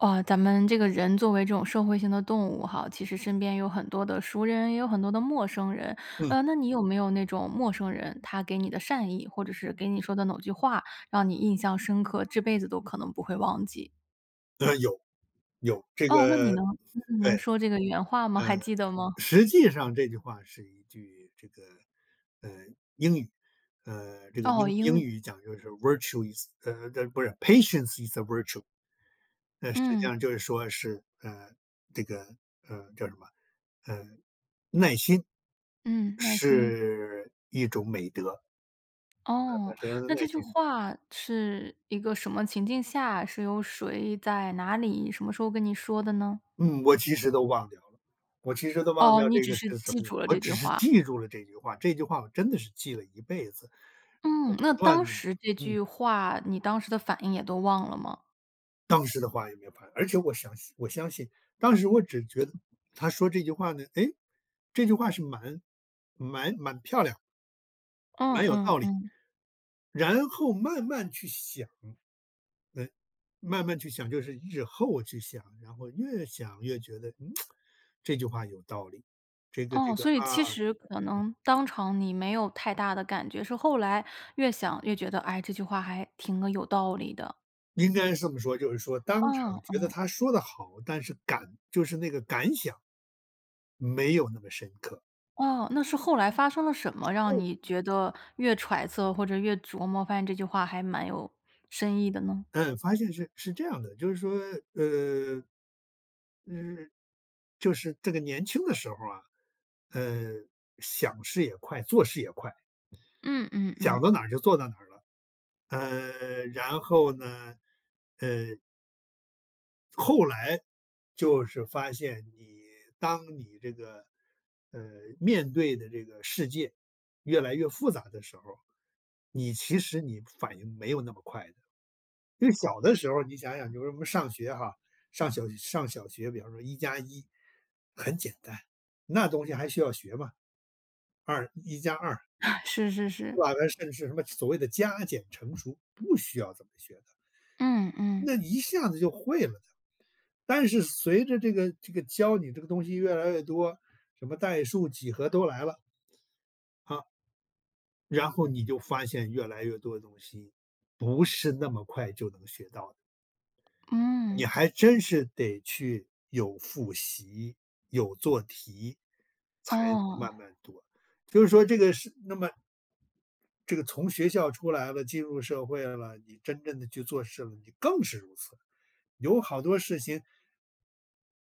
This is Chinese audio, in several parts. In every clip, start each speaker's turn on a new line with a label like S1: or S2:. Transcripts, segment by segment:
S1: 呃，咱们这个人作为这种社会性的动物哈，其实身边有很多的熟人，也有很多的陌生人。
S2: 嗯。
S1: 呃，那你有没有那种陌生人，他给你的善意，或者是给你说的某句话，让你印象深刻、这辈子都可能不会忘记？
S2: 呃，有，有。这
S1: 哦，那你
S2: 个
S1: 能你你
S2: 对，
S1: 能说这个原话吗？
S2: 呃，
S1: 还记得吗？
S2: 实际上这句话是一句这个，呃，英语。呃，这个
S1: 哦，
S2: 英
S1: 英
S2: 英
S1: 语。
S2: 语讲就是：“virtue is”，呃，呃，不是 “Patience is a virtue”。呃，实际
S1: 嗯。
S2: 上就是说是，呃，这个，呃，叫什么，呃，耐心，
S1: 嗯，耐心。
S2: 是一种美德。
S1: 哦，那这
S2: 耐
S1: 句
S2: 心。
S1: 话是一个什么情境下，是由谁、在哪里、什么时候跟您说的呢？
S2: 嗯，我其实都忘掉了，我其实都忘
S1: 哦，
S2: 掉
S1: 你
S2: 这
S1: 只
S2: 个
S1: 是
S2: 是什
S1: 记
S2: 么。
S1: 住了
S2: 我
S1: 这句
S2: 只是
S1: 话。
S2: 记住了这句话，这句话我真的是记了一辈子。我
S1: 嗯，
S2: 不
S1: 那
S2: 断
S1: 当
S2: 地
S1: 时这
S2: 嗯。
S1: 句话，你当时的反应也都忘了吗？
S2: 当时的话也没有反应，而且我详细我相信，当时我只觉得 他说这句话呢，哎，这句话是蛮蛮蛮漂亮。
S1: 嗯
S2: 蛮有
S1: 嗯
S2: 道理。
S1: 嗯。
S2: 然后慢慢去想。嗯，慢慢去想，就是日后去想，然后越想越觉得：“嗯，这句话有道理。”这个这
S1: 哦，
S2: 个，
S1: 所以
S2: 啊，
S1: 其实可
S2: 嗯。
S1: 能当场你没有太大的感觉。是后来越想越觉得：“哎，这句话还挺个有道理的。”
S2: 应该是这么说就是说当
S1: 嗯
S2: 场觉得
S1: 嗯。
S2: 他说得好，但是感就是那个感想。没有那么深刻没有那么深刻。
S1: 哦，那是后来发生了什么，让
S2: 后
S1: 你
S2: 面
S1: 觉得越揣测或者越琢磨，发现这句话还蛮有深意的呢？
S2: 嗯，发现是是这样的，就是说，呃，嗯，就是这个年轻的时候啊，呃，想事也快、做事也快。
S1: 嗯嗯嗯。
S2: 讲到哪就做到哪了，呃，然后呢，呃后来，就是发现你当你这个，呃，面对的这个世界越来越复杂的时候，你其实你反应没有那么快的。就小的时候，你想想就是我们上学哈，上小学上小学，比方说一加一，很简单，那东西还需要学吗？二一加二
S1: 是是是。
S2: 对吧，那甚至是什么所谓的加、减、乘、除，不需要这么学的。
S1: 嗯嗯。
S2: 那你一下子就会了的。但是随着这个这个教你这个东西越来越多，什么代数、几何都来了好然后你就发现越来越多的东西，不是那么快就能学到的。
S1: 嗯。
S2: 你还真是得去有复习、有做题，才能
S1: 哦。
S2: 慢慢读，就是说这个是那么这个从学校出来了，进入社会了，你真正地去做事了，你更是如此，有好多事情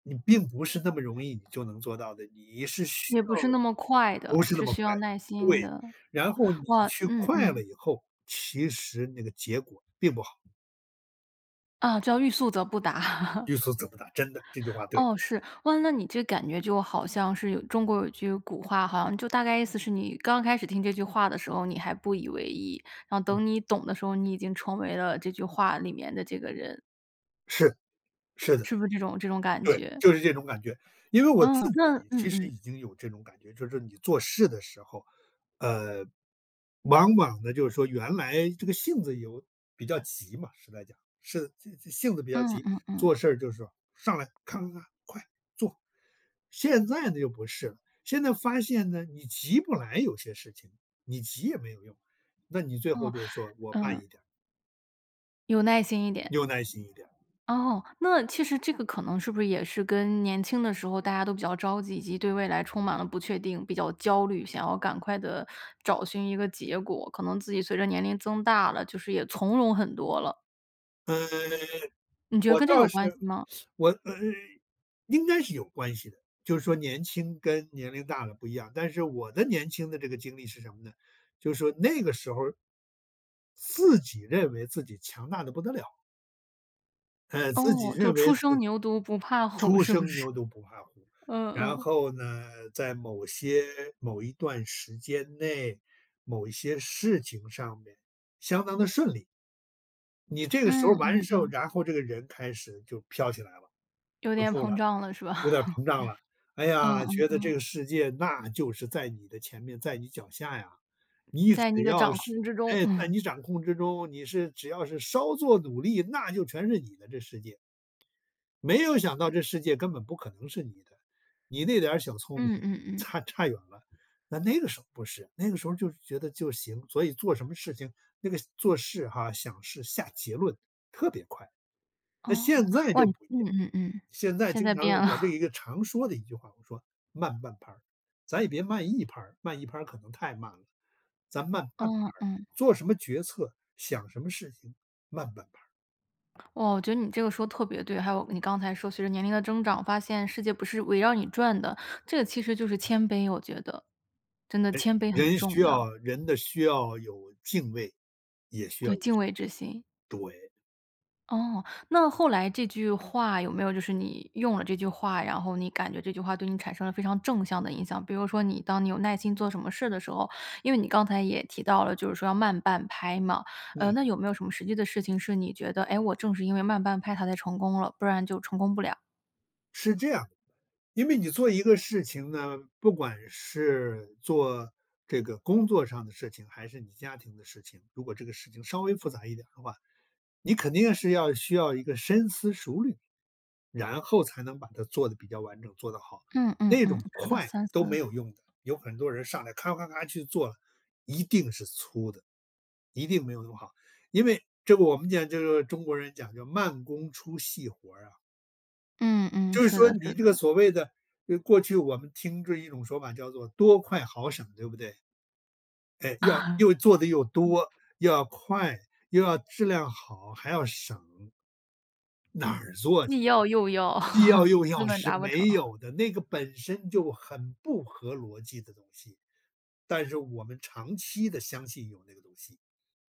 S2: 你并不是那么容易你就能做到的，你是需
S1: 也不
S2: 要
S1: 是那么快
S2: 不
S1: 的，
S2: 是那
S1: 是
S2: 么
S1: 需
S2: 快
S1: 要
S2: 的，
S1: 耐心
S2: 对。
S1: 的。
S2: 然后你
S1: 哇
S2: 去
S1: 嗯
S2: 快了
S1: 嗯。
S2: 以后，其实那个结果并不好。
S1: 啊，叫“欲速则不达”。
S2: “欲速则不达”，真的，这句话对。
S1: 哦，是。哦那你这感觉就好像是有中国有句古话哈，就大概意思是你刚开始听这句话的时候，你还不以为意，然后
S2: 嗯。
S1: 等你懂的时候，你已经成为了这句话里面的这个人。
S2: 是是的。
S1: 是不是这种这种感
S2: 对，
S1: 觉？
S2: 就是这种感觉，因为我
S1: 嗯，
S2: 自
S1: 那
S2: 己
S1: 嗯
S2: 其实
S1: 嗯。
S2: 已经有这种感觉，就是你做事的时候，呃，往往呢就是说原来这个性子有比较急嘛，实在讲，是自自性子比较
S1: 嗯
S2: 急，
S1: 嗯嗯。
S2: 做事儿就是说，上来，咔咔咔，快，做！现在呢又不是了，现在发现呢，你急不来有些事情，你急也没有用，那你最后
S1: 哦，
S2: 就是说：“我慢
S1: 嗯。
S2: 一点儿。”
S1: 有耐心一点。
S2: 有耐心一点儿。
S1: 哦，那其实这个可能是不是也是跟年轻的时候大家都比较着急，以及对未来充满了不确定，比较焦虑，想要赶快地找寻一个结果？可能自己随着年龄增大了，就是也从容很多了。
S2: 呃，
S1: 你觉得
S2: 我
S1: 跟这个
S2: 倒
S1: 有关
S2: 是
S1: 系吗？
S2: 我，嗯，应该是有关系的，就是说年轻跟年龄大了不一样，但是我的年轻的这个经历是什么呢？就是说那个时候自己认为自己强大得不得了。哎，自己
S1: 哦，就
S2: 认为
S1: “初
S2: 自
S1: 生
S2: 己
S1: 牛犊不怕虎”
S2: “初
S1: 是不
S2: 生
S1: 是？
S2: 牛犊不怕虎”。
S1: 嗯
S2: 然
S1: 嗯。
S2: 后呢，在某些某一段时间内、某一些事情上面相当地顺利。你这个时候
S1: 嗯
S2: 完
S1: 嗯
S2: 时候，
S1: 嗯。
S2: 然后这个人开始就飘起来了，
S1: 有
S2: 不
S1: 点
S2: 做了，
S1: 膨胀了是吧？
S2: 有点儿 膨胀了。哎
S1: 嗯
S2: 呀，觉
S1: 嗯
S2: 得这
S1: 嗯。
S2: 个世界那就是在你的前面、在你脚下呀，你
S1: 在你
S2: 只
S1: 的
S2: 要
S1: 掌
S2: 是
S1: 控之中。
S2: 哎，在 你掌控之中，你是只要是稍做努力，那就全是你的，这世界。没有想到这世界根本不可能是你的，你那点小聪明
S1: 嗯嗯嗯。
S2: 差差远了，那那个时候不是，那个时候就是觉得就行，所以做什么事情那个做事哈，想事、下结论特别快。
S1: 哦，
S2: 那现在
S1: 哇
S2: 就不一
S1: 嗯
S2: 样，
S1: 嗯嗯，
S2: 现在
S1: 现
S2: 经
S1: 在
S2: 常，
S1: 变了。
S2: 我这 一个常说的一句话，我说：“慢半拍儿。”咱也别慢一拍儿，慢一拍儿可能太慢了，咱慢半拍
S1: 哦，
S2: 儿。
S1: 嗯。
S2: 做什么决策，想什么事情慢拍儿。
S1: 哦，我觉得你这个说得特别对，还有你刚才说随着年龄的增长，发现世界不是围绕你转的，这个其实就是谦卑，我觉得。真的
S2: 哎，
S1: 谦卑很
S2: 人
S1: 重
S2: 需要
S1: 要。
S2: 人的需要，有敬畏，也需要
S1: 对，
S2: 有
S1: 敬
S2: 敬
S1: 畏之
S2: 畏，
S1: 心。
S2: 对。
S1: 哦。那后来这句话有没有就是，你用了这句话，然后你感觉这句话对你产生了非常正向的影响。比如说你当你有耐心做什么事的时候，因为你刚才也提到了，就是说要慢半拍嘛。呃，
S2: 嗯。
S1: 那有没有什么实际的事情是你觉得：“诶，我正是因为慢半拍它才成功了，不然就成功不了？”
S2: 是这样，因为你做一个事情呢，不管是做这个工作上的事情，还是你家庭的事情。如果这个事情稍微复杂一点的话，你肯定是要需要一个深思熟虑，然后才能把它做得比较完整，做得好。
S1: 嗯嗯
S2: 那
S1: 嗯，
S2: 种
S1: 好的，
S2: 快
S1: 三
S2: 都没
S1: 思。
S2: 有用的，有很多人上来咔咔咔去做，一定是粗的，一定没有那么好。因为这个我们讲这个：“中国人讲究慢功出细活儿啊。”
S1: 嗯嗯，
S2: 就是
S1: 是
S2: 说
S1: 的
S2: 你
S1: 是
S2: 这个
S1: 的。
S2: 所谓的，呃，过去，我们听这一种说法叫做：“多快好省”对不对？哎，要 又做得又
S1: 嗯。
S2: 多，又要快，又要质量好，还要省。哪儿做去！
S1: 既要又要，
S2: 既要 又要
S1: 根本
S2: 是
S1: 达不成。
S2: 没 有的，那个本身就很不合逻辑的东西。但是我们长期地相信有那个东西，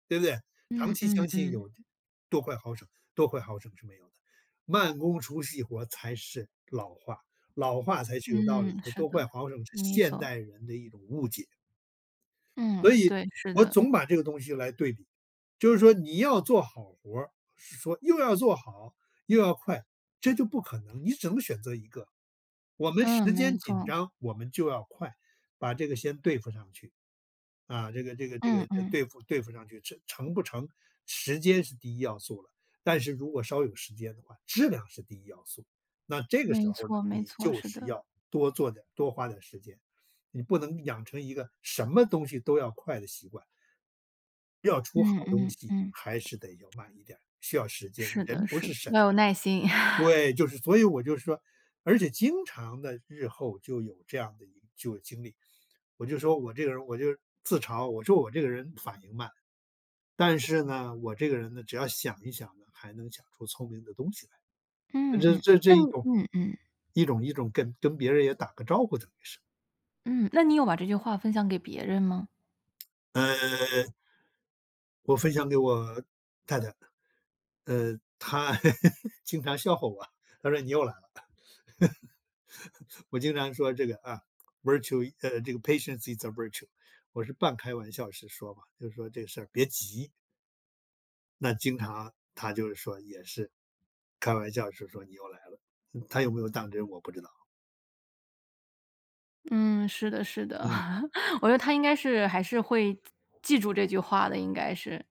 S2: 对不对？长
S1: 嗯
S2: 期
S1: 嗯
S2: 相信
S1: 嗯。
S2: 有“多快好省”，“多快好省”是没有的，“慢功出细活儿”才是老话，老话才是有道理
S1: 嗯，
S2: 的。
S1: 是
S2: “多快
S1: 的，
S2: 好省”是
S1: 没
S2: 现
S1: 错。
S2: 代人的一种误解。所
S1: 嗯，
S2: 以
S1: 对，是
S2: 我
S1: 的。
S2: 总把这个东西来对比，就是说你要做好活儿，是说又要做好又要快，这就不可能，你只能选择一个。我们
S1: 嗯，
S2: 时
S1: 没
S2: 间紧
S1: 错。
S2: 张，我们就要快，把这个先对付上去。啊，这个这个这个
S1: 嗯嗯。
S2: 对付对付上去，成成不成，时间是第一要素了。但是如果稍有时间的话，质量是第一要素。那这个时
S1: 没
S2: 候儿呢，
S1: 错没
S2: 你
S1: 错，
S2: 就
S1: 是
S2: 是
S1: 的。
S2: 要多做点、多花点儿时间，你不能养成一个什么东西都要快的习惯。要出好
S1: 嗯
S2: 东
S1: 嗯
S2: 西，
S1: 嗯。
S2: 还是得要慢一点，需要时间，
S1: 是的
S2: 人不
S1: 是
S2: 是
S1: 的，
S2: 神
S1: 要有
S2: 的
S1: 耐心。
S2: 对，就是所以我就是说，而且经常地日后就有这样的一就有经历。我就说我这个人儿我就自嘲，我说我这个人反应慢。但是呢，我这个人呢，只要想一想呢，还能想出聪明的东西来。那
S1: 嗯
S2: 这
S1: 嗯。
S2: 这这
S1: 那
S2: 一
S1: 你
S2: 种，
S1: 嗯嗯。
S2: 一种一种跟跟别人也打个招呼，等于是。
S1: 嗯，那你有把这句话分享给别人吗？
S2: 呃我分享给我，太太。呃，她 经常笑话我，她说你又来了。我经常说这个，啊，” Virtue “呃，这个” Patience is a virtue，“我是半开玩笑式说嘛，就说：“这个事儿别急。”那经常她就是说也是，开玩笑式说：“你又来了。”她有没有当真我不知道。
S1: 嗯，是的是的。
S2: 嗯。
S1: 我觉得她应该是还是会 记住这句话的，应该是。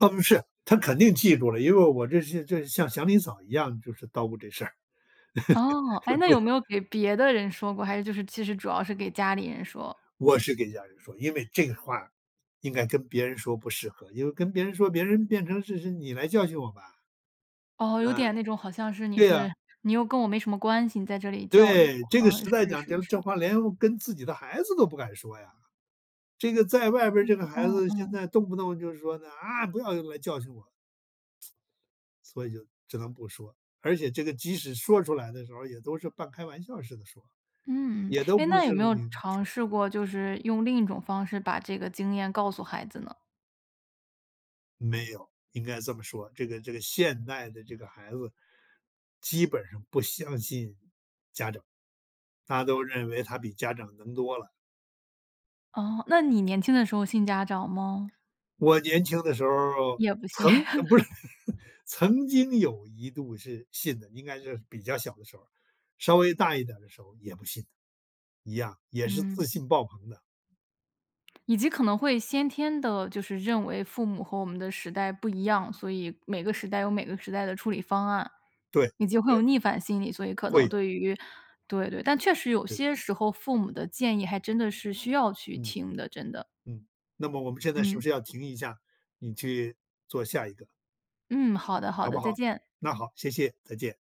S2: 嗯，是，她肯定记住了。因为我这是这是像祥林嫂一样就是叨咕这事儿。
S1: 哦。诶，那有
S2: [unintelligible]
S1: 没有给别的人说过，还是就是其实主要是给家里人说。
S2: 我是跟家人说，因为这个话，应该跟别人说不适合，因为跟别人说，别人变成是是：“你来教训我吧。”
S1: 哦，有
S2: 嗯，
S1: 点那种好像是你
S2: 对啊。
S1: 是你又跟我没什么关系，你在这里教育
S2: 对，
S1: 我
S2: 这个
S1: 嗯，
S2: 时代
S1: 是
S2: 讲
S1: 是
S2: 这
S1: 是。
S2: 这话连跟自己的孩子都不敢说呀。这个在外边这
S1: 嗯
S2: 个孩
S1: 嗯
S2: 子现
S1: 嗯。
S2: 在动不动就是说呢：“啊，不要用来教训我。”所以就只能不说，而且这个即使说出来的时候也都是半开玩笑似的说，
S1: 嗯。
S2: 也都
S1: 诶，
S2: 不
S1: 那有
S2: 是
S1: 没有
S2: 你你
S1: 尝
S2: 说。
S1: 试过，就是用另一种方式把这个经验告诉孩子呢？
S2: 没有，应该这么说，这个这个现代的这个孩子。基本上不相信，家长，大家都认为他比家长能多了。
S1: 哦，那你年轻的时候信家长吗？
S2: 我年轻的时候
S1: 也不信。
S2: 曾呃，不是，曾经有一度是信的，应该是比较小的时候，稍微大一点儿的时候也不信。一样，也是
S1: 嗯。
S2: 自信爆棚的。
S1: 以及可能会先天的就是认为父母和我们的时代不一样，所以每个时代有每个时代的处理方案。
S2: 对，
S1: 你就会
S2: 对。
S1: 有逆反心理，所以可
S2: 会
S1: 能
S2: 有。
S1: 对于对对，但确实有
S2: 是。
S1: 些时候父母的建议还真的是需要去
S2: 嗯。
S1: 听的，真的。
S2: 嗯，那么我们现在是不
S1: 嗯。
S2: 是要停一下，你去，做下一个。
S1: 嗯，好的好
S2: 好
S1: 的，
S2: 不
S1: 再
S2: 好？
S1: 见。
S2: 那好，谢谢，再见。